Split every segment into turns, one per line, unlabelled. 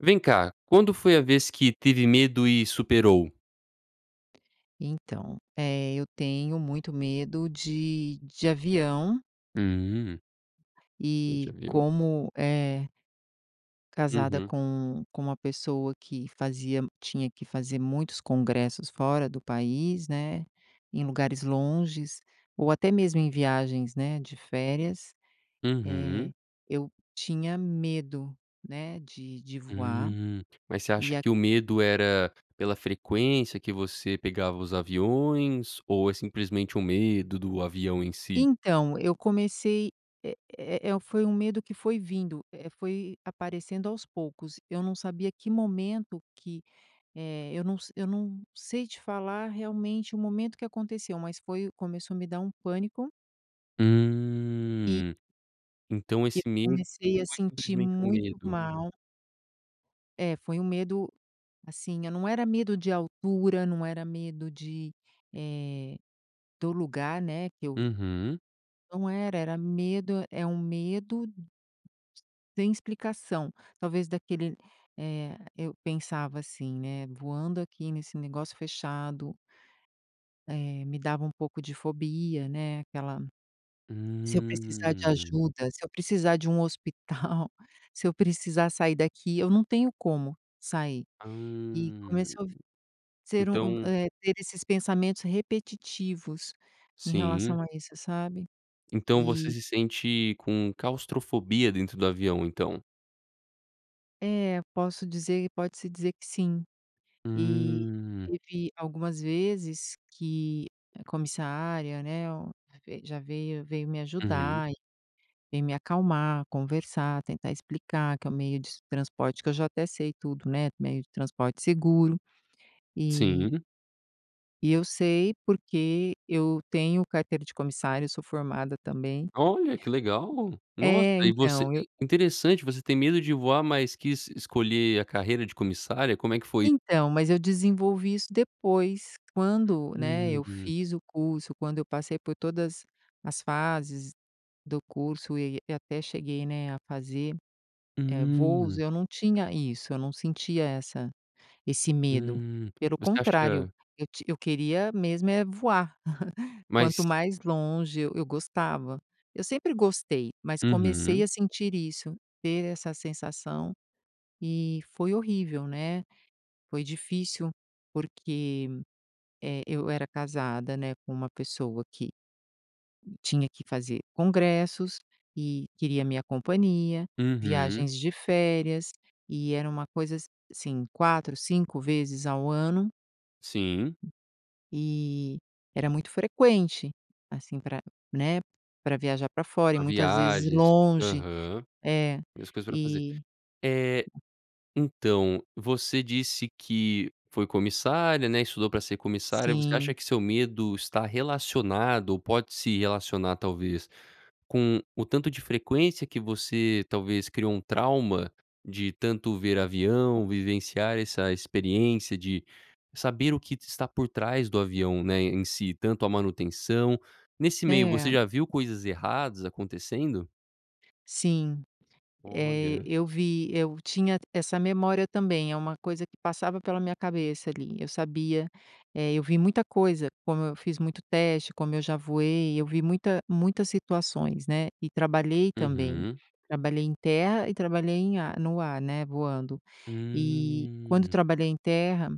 Vem cá, quando foi a vez que teve medo e superou?
Então, eh, eu tenho muito medo de de avião
Hum. Hum, de
e
avião.
como, eh casada
Uhum.
com com uma pessoa que fazia tinha que fazer muitos congressos fora do país, né, em lugares longes, ou até mesmo em viagens, né, de férias,
Uhum.
eh, eu tinha medo, né, de de voar
Hum. Mas você
e
acha
a
que o medo era pela frequência que você pegava os aviões ou é simplesmente um medo do avião em si?
Então, eu comecei eh eh eh, foi um medo que foi vindo, eh, foi aparecendo aos poucos. Eu não sabia que momento que, eh eu não se eu não sei te falar realmente o momento que aconteceu, mas foi começou a me dar um pânico e
Hum. Então
e eu
esse medo não
comecei a
foi
sentir
simplesmente um
muito
medo?
mal. É, foi um medo, assim, eh, não era medo de altura, não era medo de, eh, do lugar, né, que eu
Uhum.
Não era, era medo é um medo sem explicação, talvez daquele eh, eu pensava assim, né: "Voando aqui nesse negócio fechado" eh, me dava um pouco de fobia, né, aquela se eu precisar de
Hum.
ajuda, se eu precisar de um hospital, se eu precisar sair daqui, eu não tenho como sair. E
Hum,
começou v ser um um
então
eh, ter esses pensamentos repetitivos em
Sim.
relação a isso, sabe.
Então você
E
se sente com claustrofobia dentro do avião, então?
É, posso dizer pode se dizer que sim. E
Hum.
teve algumas vezes que a comissária, né, o vei já veio veio me
Uhum.
ajudar e veio me acalmar, conversar, tentar explicar que é o meio de transporte que eu já até sei tudo, né, meio de transporte seguro. E
Sim.
e eu sei, porque eu tenho carteira de comissária, eu sou formada também.
Olha, que legal. Nossa,
É,
e você
então, eu
in interessante, você tem medo de voar, mas quis escolher a carreira de comissária, como é que foi?
Então, mas eu desenvolvi isso depois, quando, né,
Hum,
eu
hum.
fiz o curso, quando eu passei por todas as fases do curso e e até cheguei, né, a fazer, eh, voos,
Hum.
eu não tinha isso. Eu não sentia essa esse medo.
Hum,
Pelo
você
contrário,
acha
eu te eu queria mesmo é voar. Quanto
Mas
mais longe eu eu gostava. Eu sempre gostei, mas comecei
Uhum.
a sentir isso, ter essa sensação, e foi horrível, né. Foi difícil, porque, eh, eu era casada, né, com uma pessoa que tinha que fazer congressos e queria a minha companhia,
Uhum.
viagens de férias e era uma coisa assim 4, 5 vezes ao ano
Sim.
e era muito frequente, assim, pra, né, pra viajar pra fora, e
A
muitas vezes
viagens,
longe.
aham,
É,
e as coisas pra fazer.
e
Eh, então, você disse que foi comissária, né, estudou pra ser comissária, você acha
Sim.
que seu medo está relacionado ou pode se relacionar, talvez, com o tanto de frequência que você, talvez, criou um trauma de tanto ver avião, vivenciar essa experiência de saber o que de está por trás do avião, né, em si, tanto a manutenção nesse meio, você
É.
já viu coisas erradas acontecendo?
Sim. Eh,
Olha.
eu vi eu tinha essa memória também. É uma coisa que passava pela minha cabeça ali. Eu sabia eh, eu vi muita coisa como eu fiz muito teste, como eu já voei, eu vi muita muitas situações, né. E trabalhei também,
Uhum.
trabalhei em terra e trabalhei em ar no ar, né, voando. E, quando
Hum.
trabalhei em terra,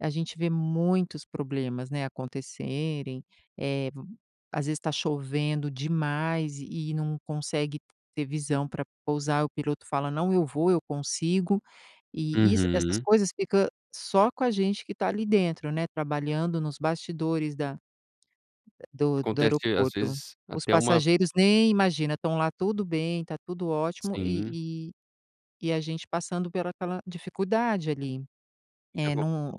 a gente vê muitos problemas, né, acontecerem, eh, v às vezes, tá chovendo demais e e não consegue ter visão pra pousar. O piloto fala: "Não, eu vou, eu consigo". E isso essas
Uhum.
coisas fica só com a gente que tá ali dentro, né, trabalhando nos bastidores da do do
Acontece, às
aeroporto.
vezes,
Os
até uma
passageiros nem imagina, estão lá, tudo bem, tá tudo ótimo
Sim.
e e e a gente passando pela aquela dificuldade ali. Eh,
Ago
num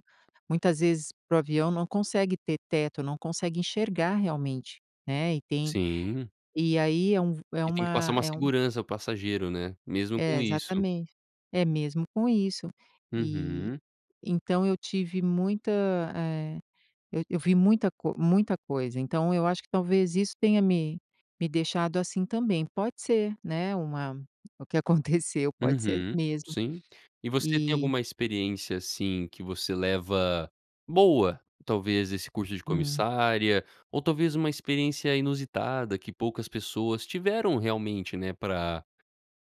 muitas vezes, para o avião não consegue ter teto, não consegue enxergar realmente, né, e tem
Sim.
e aí é um v é
E tem que passar
uma
uma
é um
segurança para o passageiro, né? Mesmo com
É,
isso.
exatamente. É mesmo com isso. E,
Uhum.
então, eu tive muita eh, eu eu vi muita co muita coisa. Então, eu acho que talvez isso tenha me me deixado assim, também. Pode ser, né, uma o que aconteceu pode ser
Uhum.
mesmo.
Sim. E você tem
E
alguma experiência, assim, que você leva boa, talvez, desse curso de
Hum.
comissária? Ou talvez uma experiência inusitada que poucas pessoas tiveram realmente, né, pra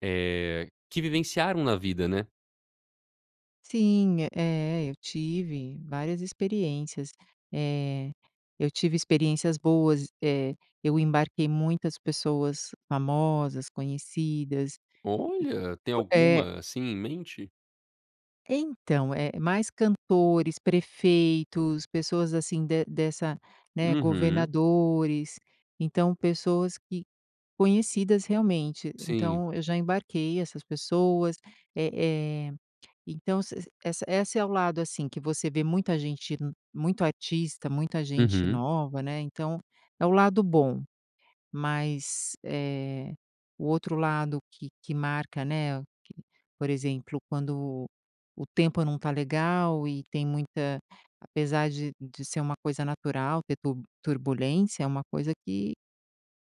eh, que vivenciaram na vida, né?
Sim, eh, eu tive várias experiências. Eh, eu tive experiências boas, eh, eu embarquei muitas pessoas famosas, conhecidas e f
Olha. Tem
é.
alguma, assim, em mente?
Então, é mais cantores, prefeitos, pessoas, assim, de dessa né,
Uhum.
governadores. Então, pessoas que conhecidas, realmente.
Sim.
Então eu já embarquei essas pessoas. Eh eh, então ess essa essa é o lado, assim, que você vê muita gente muito artista, muita gente
Uhum.
nova, né. Então é o lado bom. Mas, eh, o outro lado que que marca, né, que por exemplo, quando o tempo não está legal e tem muita apesar de de ser uma coisa natural ter tur turbulência, é uma coisa que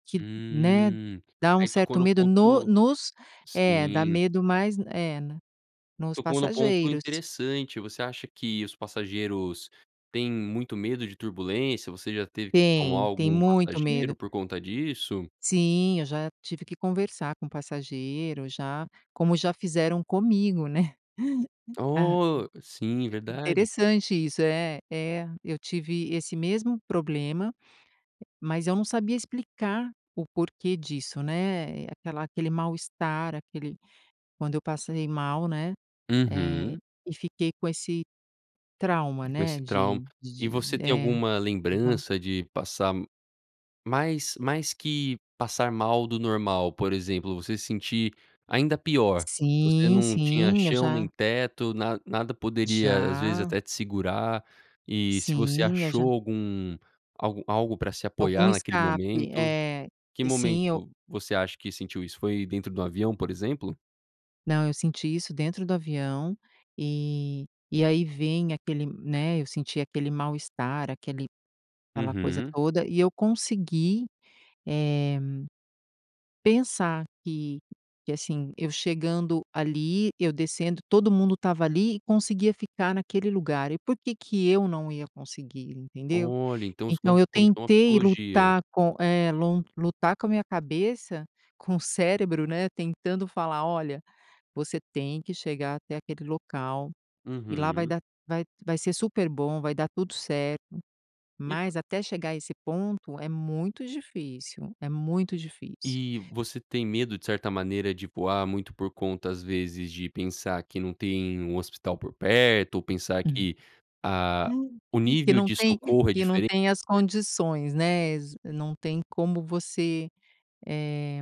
que, né,
Hum,
dá um
aí tocou
certo
no
medo no
ponto
nos É, dá
Sim.
medo mais É, né, nos
Tocou num ponto
passageiros.
interessante. Você acha que os passageiros têm muito medo de turbulência? Você já teve que acalmar
Tem, tem
algum
muito
passageiro
medo.
por conta disso?
Sim, eu já tive que conversar com passageiro já, como já fizeram comigo, né. Ah
Oh! Sim,
É,
verdade.
interessante isso. É, é. Eu tive esse mesmo problema, mas eu não sabia explicar o porquê disso, né. É aquela aquele mal-estar, aquele quando eu passei mal, né, eh,
Uhum.
e fiquei com esse trauma,
E com
né,
esse trauma.
de
E
de
você
de
tem
é.
alguma
Teve uma
lembrança de passar mais mais que passar mal do normal, por exemplo, você sentir ainda pior. Você
Sim,
não tinha
sim. Eu
chão nem
já
teto, na nada poderia, às vezes,
Já.
até te segurar e se você
Sim, eu já
achou algum algo algo pra se
Algum
apoiar naquele
escape.
momento?
É.
Que
Sim, eu
momento você acha que sentiu isso? Foi dentro de um avião, por exemplo?
Não, eu senti isso dentro do avião, e e aí vem aquele né, eu senti aquele mal-estar, aquele aquela coisa
Uhum.
toda, e eu consegui, eh, pensar que que, assim, eu chegando ali, eu descendo todo mundo estava ali e conseguia ficar naquele lugar, e por que que eu não ia conseguir, entendeu?
Olha, então,
Então
escom
eu
como se fosse uma
tentei
psicologia.
lutar com é lon lutar com a minha cabeça, com o cérebro, né, tentando falar: "Olha, você tem que chegar até aquele local, e lá vai
Uhum.
dar vai vai ser super bom, vai dar tudo certo".
E por
Mas até chegar a esse ponto é muito difícil, é muito difícil.
E você tem medo de certa maneira de voar muito por conta, às vezes, de pensar que não tem um hospital por perto ou pensar
Hum.
que a o
Que
nível
não
de
tem
socorro é
que não
diferente?
tem as condições, né, exa não tem como você eh,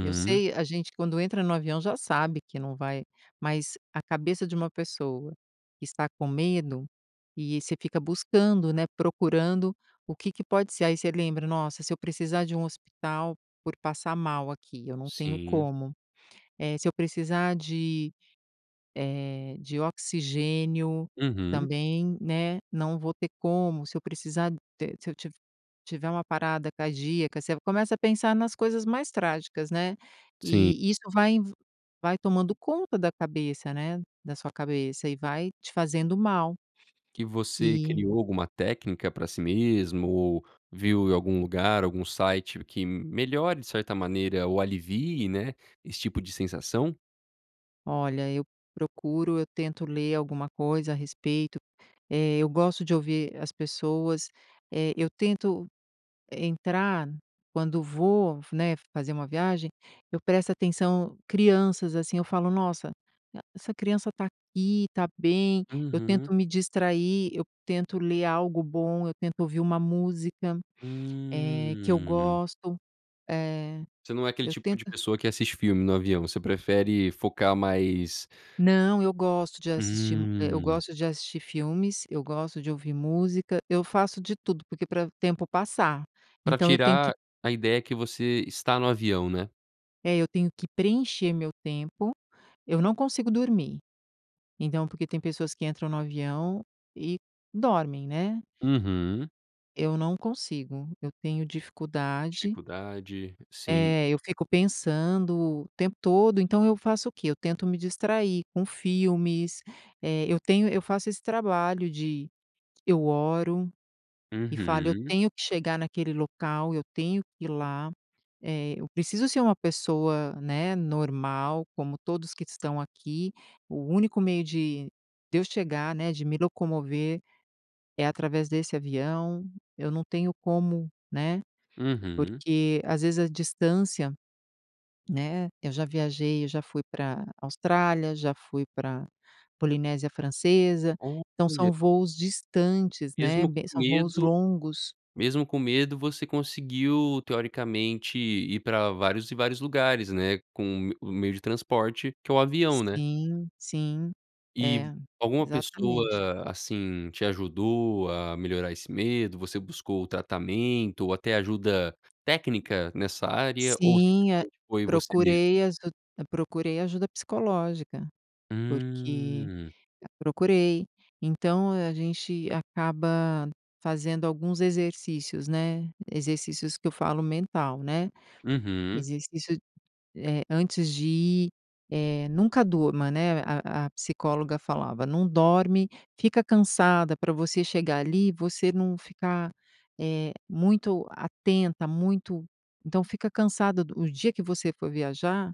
eu sei, a gente quando entra no avião já sabe que não vai mas a cabeça de uma pessoa que está com medo, e você fica buscando, né, procurando o que que pode ser, aí você lembra: "Nossa, se eu precisar de um hospital por passar mal aqui, eu não tenho
Sim.
como. Eh, se eu precisar de, eh, de oxigênio,
Uhum.
também, né, não vou ter como, se eu precisar de se eu tiv tiver uma parada cardíaca". Você começa a pensar nas coisas mais trágicas, né,
Sim.
e isso vai vai tomando conta da cabeça, né, da sua cabeça, e vai te fazendo mal.
E você
E
criou alguma técnica pra si mesmo ou viu em algum lugar, algum site que melhore de certa maneira ou alivie, né, esse tipo de sensação?
Olha, eu procuro, eu tento ler alguma coisa a respeito, eh, eu gosto de ouvir as pessoas, eh, eu tento entrar quando vou, né, fazer uma viagem, eu presto atenção, crianças assim, eu falo: "Nossa, essa criança tá aqui, está bem," eu
Uhum.
tento me distrair, eu tento ler algo bom, eu tento ouvir uma música, eh, que eu
Hum.
gosto, eh,
Você não é aquele
eu
tipo
tento
de pessoa que assiste filme no avião, você prefere focar mais
Não, eu gosto de assistir mu eu
Hum.
gosto de assistir filmes, eu gosto de ouvir música, eu faço de tudo porque pra o tempo passar,
Pra
então eu tenho que
tirar a ideia que você está no avião, né?
é eu tenho que preencher meu tempo, eu não consigo dormir. Então, porque tem pessoas que entram no avião e dormem, né.
Uhum.
Eu não consigo, eu tenho dificuldade.
Dificuldade, sim.
É, eu fico pensando o tempo todo, então eu faço o quê? Eu tento me distrair com filmes, eh, eu tenho eu faço esse trabalho de eu oro, e falo: "Eu
Uhum.
tenho que chegar naquele local, eu tenho que ir lá", eh, eu preciso ser uma pessoa, né, normal como todos que estão aqui. O único meio de de eu chegar, né, de me locomover é através desse avião, eu não tenho como, né,
Uhum.
porque às vezes a distância, né, eu já viajei, eu já fui pra Austrália, já fui pra Polinésia Francesa, então, são
Olha.
voos distantes, né,
Mesmo
be
com
são voos
medo,
longos.
mesmo com medo, você conseguiu teoricamente ir pra vários e vários lugares, né, com o m o meio de transporte que é o avião, né.
Sim, sim,
E
é,
alguma
exatamente.
pessoa assim te ajudou a melhorar esse medo, você buscou o tratamento ou até ajuda técnica nessa área ou
Sim, hã,
simplesmente foi você mesmo?
procurei aju procurei ajuda psicológica, porque
Hum.
procurei, então a gente acaba fazendo alguns exercícios, né, exercícios que eu falo mental, né,
Uhum.
exercício, eh, antes de ir, eh, nunca durma, né, a a psicóloga falava: "Não dorme, fica cansada pra você chegar ali, você não ficar, eh, muito atenta, muito então, fica cansada", no dia que você for viajar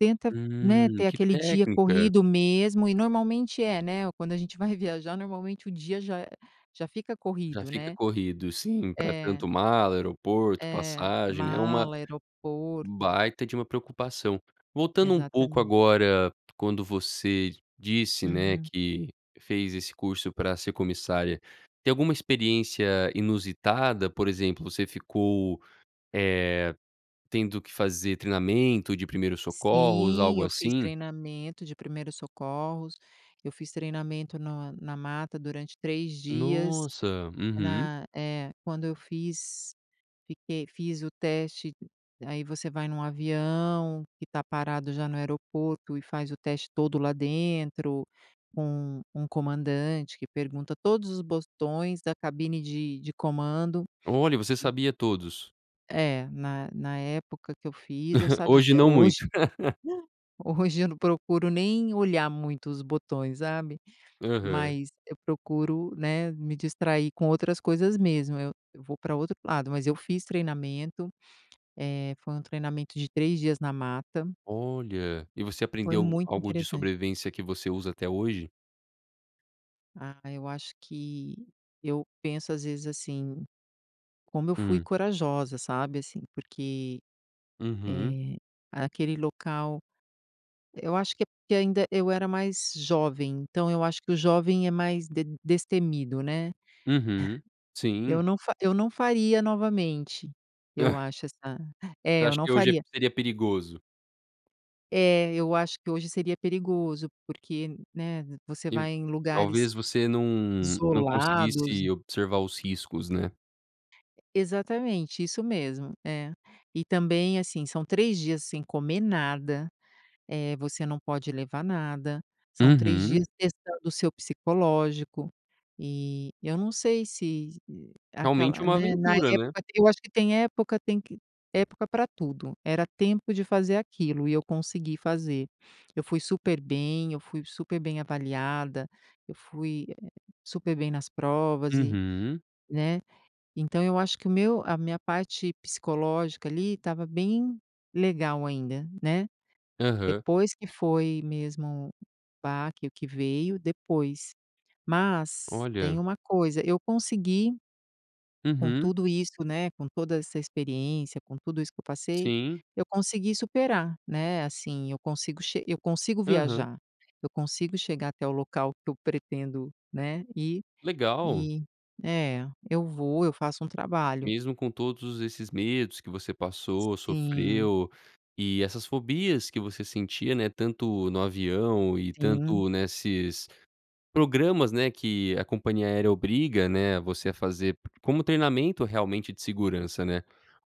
tenta, né,
Hum,
ter
que
aquele dia
técnica.
corrido mesmo e normalmente é, né, ou quando a gente vai viajar normalmente o dia já já fica
Já
corrido,
fica
né,
corrido sim, pra
é.
tanto mala, aeroporto,
É,
passagem, né, uma
mala, aeroporto.
baita de uma preocupação. Voltando um pouco
Exatamente.
agora, quando você disse, né,
Uhum.
que fez esse curso pra ser comissária, tem alguma experiência inusitada, por exemplo, você ficou, eh, tendo que fazer treinamento de primeiros socorros,
Sim
algo
eu fiz
assim?
treinamento de primeiros socorros, eu fiz treinamento na na mata durante 3 dias,
Nossa, uhum.
na eh, quando eu fiz, fiquei fiz o teste, aí você vai num avião que tá parado já no aeroporto e faz o teste todo lá dentro com um com um comandante que pergunta todos os botões da cabine de de comando.
Olha, você
E
sabia todos?
É na na época que eu fiz, eu
Hoje
sabia,
não
hoje,
muito.
hoje eu não procuro nem olhar muito os botões, sabe,
Aham.
mas eu procuro, né, me distrair com outras coisas mesmo, eu eu vou pra outro lado, mas eu fiz treinamento, eh, foi um treinamento de 3 dias na mata.
Olha, e você
Foi
aprendeu
muito
algo de
interessante.
sobrevivência que você usa até hoje?
Ah, eu acho que eu penso às vezes, assim, como eu fui
Hum.
corajosa, sabe, assim, porque,
Uhum.
eh, aquele local eu acho que ainda eu era mais jovem, então eu acho que o jovem é mais de destemido, né.
Uhum,
Eu
sim.
não fa eu não faria novamente, eu acho essa é
Você
eu
acha
não
que hoje é
faria.
seria perigoso?
É. Eu acho que hoje seria perigoso, porque, né, você
Eu
vai em lugares
talvez você não não
isolados.
conseguisse observar os riscos né?
E Exatamente. Isso mesmo, é. E também, assim, são 3 dias sem comer nada. Eh, você não pode levar nada. São 3
Uhum.
dias testando o seu psicológico. E eu não sei se e
Realmente
aquela,
uma
né, na
aventura, né?
época eu acho que tem época tem que época pra tudo. Era tempo de fazer aquilo. E eu consegui fazer. Eu fui super bem, eu fui super bem avaliada, eu, eh, fui super bem nas provas e,
Uhum.
né. Então, eu acho que o meu a minha parte psicológica ali estava bem legal ainda, né.
Aham.
Depois que foi mesmo baque o que veio, depois. Mas tem
Olha.
uma coisa, eu consegui com
Uhum.
tudo isso, né. Com toda essa experiência, com tudo isso que eu passei,
Sim.
eu consegui superar, né. Assim eu consigo che eu consigo
Aham.
viajar. Eu consigo chegar até o local que eu pretendo, né, ir
Legal.
e é, eu vou eu faço um trabalho.
Mesmo com todos esses medos que você passou,
Sim.
sofreu e essas fobias que você sentia, né. Tanto no avião e
Sim.
tanto nesses programas, né, que a compania aérea obriga, né, você a fazer pr como treinamento realmente de segurança, né.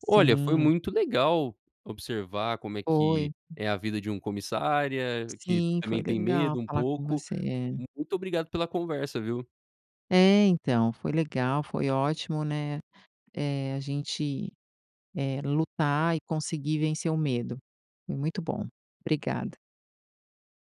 Olha foi
Sim.
muito legal observar como é que
Foi.
é a vida de um comissária que
Sim. Foi
também tem
legal
medo um
falar com
pouco.
você.
Muito obrigado pela conversa, viu.
É, então foi legal, foi ótimo, né. Eh, a gente, eh, lutar e conseguir vencer o medo. Foi muito bom. Obrigada.